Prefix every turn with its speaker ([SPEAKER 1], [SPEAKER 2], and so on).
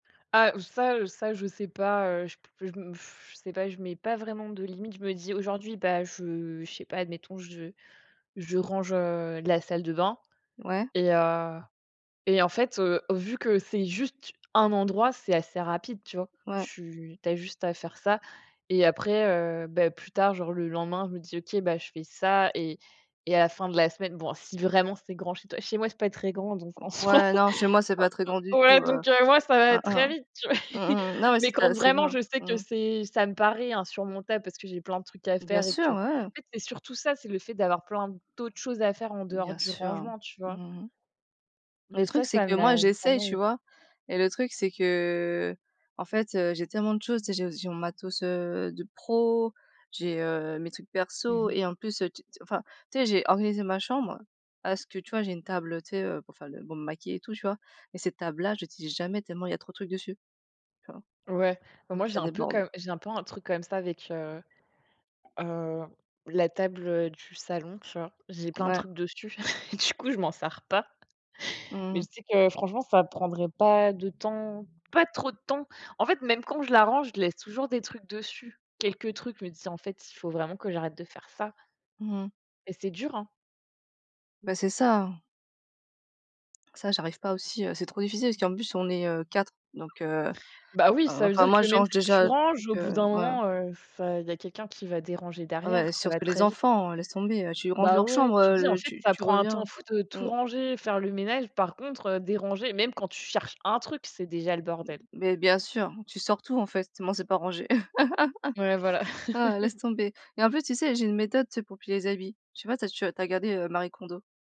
[SPEAKER 1] Ah, heu, ça, heu, ça, je sais pas, heu, je p je me je sais pas, je mets pas vraiment de limite. Je me dis aujourd'hui, ben je je sais pas, admettons, je je range, heu, la salle de bain
[SPEAKER 2] Ouais.
[SPEAKER 1] et heu et en fait, heu, vu que c'est juste un endroit, c'est assez rapide, tu vois?
[SPEAKER 2] Ouais.
[SPEAKER 1] Tu tu as juste à faire ça. Et après, heu, beh, plus tard, genre le lendemain, je me dis: «OK, ben je fais ça et et à la fin de la semaine» bon, si vraiment c'est grand chez toi chez moi c'est pas très grand, donc
[SPEAKER 2] Mmh,
[SPEAKER 1] en soi,
[SPEAKER 2] ouais
[SPEAKER 1] heu
[SPEAKER 2] non, chez moi c'est pas très grand du
[SPEAKER 1] heu.
[SPEAKER 2] tout,
[SPEAKER 1] Ouais,
[SPEAKER 2] heu.
[SPEAKER 1] donc moi ça va
[SPEAKER 2] Hein,
[SPEAKER 1] être très
[SPEAKER 2] hein.
[SPEAKER 1] vite, tu vois?
[SPEAKER 2] Mmh mh, non mais
[SPEAKER 1] Mais
[SPEAKER 2] c'est
[SPEAKER 1] quand
[SPEAKER 2] ça c'est
[SPEAKER 1] vraiment
[SPEAKER 2] bien,
[SPEAKER 1] je sais que
[SPEAKER 2] mmh.
[SPEAKER 1] c'est ça me paraît insurmontable parce que j'ai plein de trucs à
[SPEAKER 2] Bien
[SPEAKER 1] faire et
[SPEAKER 2] sûr
[SPEAKER 1] que en
[SPEAKER 2] ouais.
[SPEAKER 1] fait, c'est surtout ça, c'est le fait d'avoir plein d'autres choses à faire en dehors
[SPEAKER 2] Bien
[SPEAKER 1] du
[SPEAKER 2] sûr.
[SPEAKER 1] rangement, tu
[SPEAKER 2] Mmh
[SPEAKER 1] vois?
[SPEAKER 2] mh, mmh.
[SPEAKER 1] Mais
[SPEAKER 2] Le
[SPEAKER 1] ça,
[SPEAKER 2] truc, c'est
[SPEAKER 1] ça
[SPEAKER 2] que moi
[SPEAKER 1] m'a pas
[SPEAKER 2] j'essaye,
[SPEAKER 1] mal
[SPEAKER 2] tu
[SPEAKER 1] [unintelligible]
[SPEAKER 2] vois? Et le truc, c'est qu'en fait, heu, j'ai tellement de choses, tu sais, j'ai j'ai mon matos, heu, de pro, j'ai, heu, mes trucs
[SPEAKER 1] Mmh
[SPEAKER 2] perso
[SPEAKER 1] mh.
[SPEAKER 2] et en plus te tu t enfin, tu sais j'ai organisé ma chambre parce que tu vois j'ai une table, heu, tu sais, heu, pour faire le pour me maquiller et tout tu vois? Et cette table là, je l'utilise jamais tellement, il y trop de trucs dessus. Tu vois?
[SPEAKER 1] Ouais. Ben
[SPEAKER 2] Donc
[SPEAKER 1] moi, j'ai
[SPEAKER 2] ça
[SPEAKER 1] un peu
[SPEAKER 2] déborde.
[SPEAKER 1] comme j'ai un peu un truc comme ça avec, heu heu, la table, heu, du salon, tu vois? J'ai plein de
[SPEAKER 2] Ouais.
[SPEAKER 1] trucs dessus, du coup, je m'en sers pas.
[SPEAKER 2] Mmh mh
[SPEAKER 1] Mais
[SPEAKER 2] mh.
[SPEAKER 1] je sais que franchement, ça prendrait pas de temps pas trop de temps. En fait, même quand je la range, je laisse toujours des trucs dessus, quelques trucs, je me dis ça en fait, s il faut vraiment que j'arrête de faire ça.
[SPEAKER 2] Mmh mh.
[SPEAKER 1] Et c'est dur, hein!
[SPEAKER 2] Beh, c'est ça, hein. Ça, j'arrive pas aussi, heu, c'est trop difficile parce qu'en plus on est, heu 4, donc heu
[SPEAKER 1] Ben oui,
[SPEAKER 2] oh,
[SPEAKER 1] ça veut
[SPEAKER 2] enfin
[SPEAKER 1] dire
[SPEAKER 2] moi,
[SPEAKER 1] que
[SPEAKER 2] je
[SPEAKER 1] même
[SPEAKER 2] range
[SPEAKER 1] si tu
[SPEAKER 2] déjà des
[SPEAKER 1] ranges,
[SPEAKER 2] trucs,
[SPEAKER 1] au bout
[SPEAKER 2] heu,
[SPEAKER 1] d'un
[SPEAKER 2] voilà.
[SPEAKER 1] moment, heu, enfin il y a quelqu'un qui va déranger derrière,
[SPEAKER 2] Ouais,
[SPEAKER 1] ça va
[SPEAKER 2] surtout les
[SPEAKER 1] très vite.
[SPEAKER 2] enfants, laisse tomber, tu ranges
[SPEAKER 1] Ben
[SPEAKER 2] leur
[SPEAKER 1] ouais,
[SPEAKER 2] chambre,
[SPEAKER 1] tu te dis en
[SPEAKER 2] heu,
[SPEAKER 1] fait
[SPEAKER 2] tu
[SPEAKER 1] ça
[SPEAKER 2] tu
[SPEAKER 1] prend un temps
[SPEAKER 2] reviens
[SPEAKER 1] fou de tout
[SPEAKER 2] mmh.
[SPEAKER 1] ranger, faire le ménage, par contre, heu, déranger même quand tu cherches un truc, c'est déjà le
[SPEAKER 2] M
[SPEAKER 1] bordel.
[SPEAKER 2] mais bien sûr, tu sors tout, en fait, moi c'est pas rangé.
[SPEAKER 1] Ouais voilà.
[SPEAKER 2] Ah laisse tomber. Et en plus tu sais, j'ai une méthode tu sais pour plier les habits. Tu vois? Tu as, tu vois, regardé, heu, Marie Kondo?